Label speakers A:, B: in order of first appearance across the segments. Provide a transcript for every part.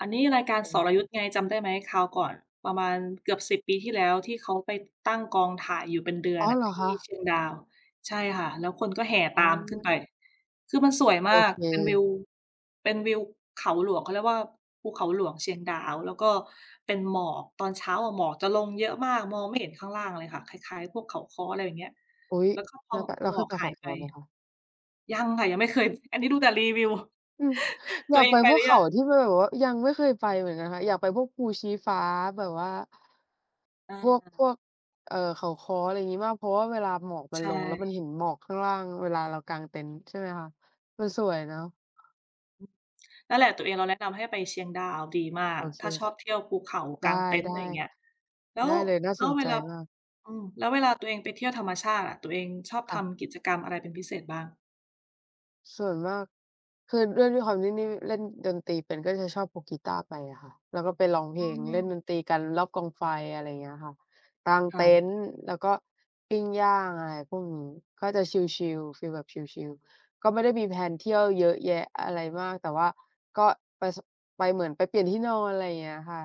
A: อันนี้รายการ
B: เ
A: ส
B: ออ
A: รยุทธไง จำได้ไหม? คราวก่อนประมาณเกือบ 10 ปีที่แล้ว ที่เขาไปตั้งกองถ่ายอยู่เป็นเดือ
B: อ
A: น
B: ๋อ
A: น่
B: เ
A: ะ
B: หรอ
A: ที
B: ค
A: ่เ
B: ะ?
A: ชียงดาว ใช่ค่ะ แล้วคนก็แห่
B: อ๋
A: ตามขึ้น
B: อ
A: ไป คือมันสวย
B: โ
A: ม
B: อ
A: าก
B: เ
A: เป็นวิ
B: ค
A: ว เป็นวิวเขาหลวงเขาเรียกว่า ภูเขาหลวงเชียงดาว แล้วก็เป็นหมอกตอนเช้าอะ หมอกจะลงเยอะมาก มองไม่เห็นข้างล่างเลยค่ะ คล้าย ๆ พวกเขาค้อ อะไรอย่างเงี้ย
B: อุ๊ย!
A: แล้วก็พ
B: แล
A: อ
B: ้ว
A: ม
B: ก็
A: พ
B: แ
A: อ
B: ล้ว
A: ห
B: เ
A: ม
B: ค
A: อ
B: ย
A: ก
B: ไปเ
A: ห
B: ข
A: า
B: า
A: ย
B: ค
A: ไป
B: ้อไหมคะ?
A: ยังค่ะ ยังไม่เคย อันนี้ดูแต่รีวิว
B: อืม อ
A: ต
B: ย
A: ั
B: า
A: ว
B: ก
A: เอ
B: ไป
A: งไป
B: พ
A: ห
B: ว
A: ร
B: ก
A: ื
B: เข
A: อย
B: า
A: ัง?
B: ที่มันแบบว่ายังไม่เคยไปเหมือนกันค่ะ อยากไปพวกภูชี้ฟ้าแบบว่า พว
A: อ
B: ก พ
A: า
B: วก เอ่อ เขาค้อ อะไรอย่างงี้มาก เพราะว่าเวลาหมอกมั
A: ใ
B: น
A: ช
B: ลง แล้วมันเ
A: ่
B: ห็นหมอกข้างล่าง เวลาเรากางเต็นท์ ใช่ไหมคะ มันสวยเนาะ
A: อืม นั่นแหละ ตัวเองเราแนะนำให้ไปเชียงดาวดีมา
B: โอ
A: ก
B: เค
A: ถ้าชอบเที่ยวภูเขา
B: ได
A: ก
B: ้
A: างเต็นท์ ไรเงี้ย แล
B: ๆ
A: ้
B: ได
A: ว
B: ้เลย น่า
A: แล
B: ส
A: ้ว
B: น
A: เ
B: ใ
A: ว
B: จ
A: ลา
B: มาก
A: อืม แล้วเวลาตัวเองไปเที่ยวธรรมชาติอะ ตัวเองชอบ
B: ค
A: ท
B: ่ะ
A: ำกิจกรรมอะไร เป็นพิเศษบ้าง?
B: ส่วนมาก คือด้วย ด้วยความที่นี่เล่นดนตรีเป็น ก็จะชอบพกกีตาร์ไปอะค่ะ แล้วก็ไปร้องเพ
A: อื
B: ลง เล่นด
A: ม
B: นตรีกันรอบกองไฟ อะไรอย่างเงี้ยค่ะ กาง
A: ค
B: เ
A: ่
B: ต็
A: ะ
B: นท์ แล้วก็ปิ้งย่าง อะไรพวกนี้ ก็จะชิล ๆ ฟีลแบบชิล ๆ ก็ไม่ได้มี แพลน เที่ยว เยอะแยะอะไรมาก แต่ว่าก็ไป ส ไปเหมือนไปเปลี่ยนที่นอน อะไรเงี้ยค่ะ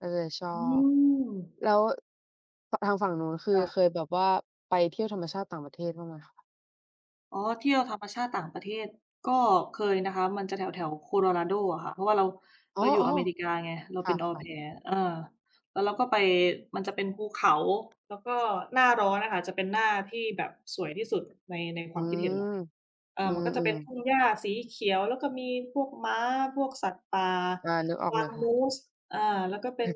B: ก็เลยชอ
A: อื
B: บ
A: ม
B: แล้ว ท ทางฝั่งนู้น คื
A: ค
B: อ
A: ่
B: เ
A: ะ
B: คยแบบว่าไปเที่ยวธรรมชาติต่างประเทศบ้างไหมคะ?
A: อ๋อ เที่ยวธรรมชาติต่างประเทศ ก็เคยนะคะ มันจะแถว ๆ Colorado อะค่ะ เพราะว่าเรา
B: อ๋
A: เร
B: อ
A: าอยู่อเมริกาไง เรา
B: ๆ ค
A: เป
B: ่
A: ็น Au
B: ะ ๆ
A: Pair เออ แล้วเราก็ไป มันจะเป็นภูเขา แล้วก็หน้าร้อนอะค่ะ เป็นหน้าที่แบบสวยที่สุดใน ในค
B: อื
A: วามคิดเห็นเรา
B: ม
A: เอ่
B: อื
A: อ มันก็จะเป็
B: ม
A: นท
B: ๆ
A: ุ่งหญ้าสีเขียว แล้วก็มีพวกม้า พวกสัตว์ป่า
B: อา นึกออ
A: ก
B: ก
A: ว
B: เล
A: า
B: ย
A: ง
B: ค่ะ
A: Moose เอ่อ แล้วก็เป็น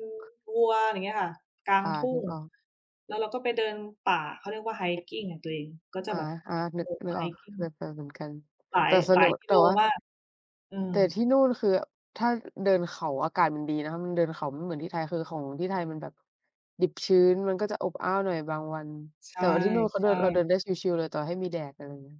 A: วัว อะไรเงี้ยค่ะ กลา
B: ค
A: ง
B: ่ะ
A: ทุ่
B: นึ
A: ง
B: กออก
A: แล้วเราก็ไปเดินป่า เขาเรียกว่า hiking อะตัวเอง ก็จะ
B: อา
A: แบบ โ
B: ๆ
A: อ
B: น
A: ้
B: ึก
A: โฮ
B: นึกออก เค
A: hiking
B: ยไปเหมือนกัน
A: หลา
B: แต่
A: ย
B: ส
A: หล
B: นุ
A: าย
B: ก
A: กิ
B: แต่
A: โล
B: ว่า
A: มาก อื
B: แ
A: ม
B: ต่ที่นู่นคือ ถ้าเดินเขาอากาศมันดีนะคะ มันเดินเขา มันไม่เหมือนที่ไทย คือของที่ไทยมันแบบ ดิบชื้น มันก็จะอบอ้าวหน่อยบางวัน
A: ใช
B: แต่ว่าที่นู่นเขาเดิน
A: ่
B: เราเดิ
A: ๆ
B: นได้ชิล ๆ เลย ต่อให้มีแดด อะไรอย่างเงี้ย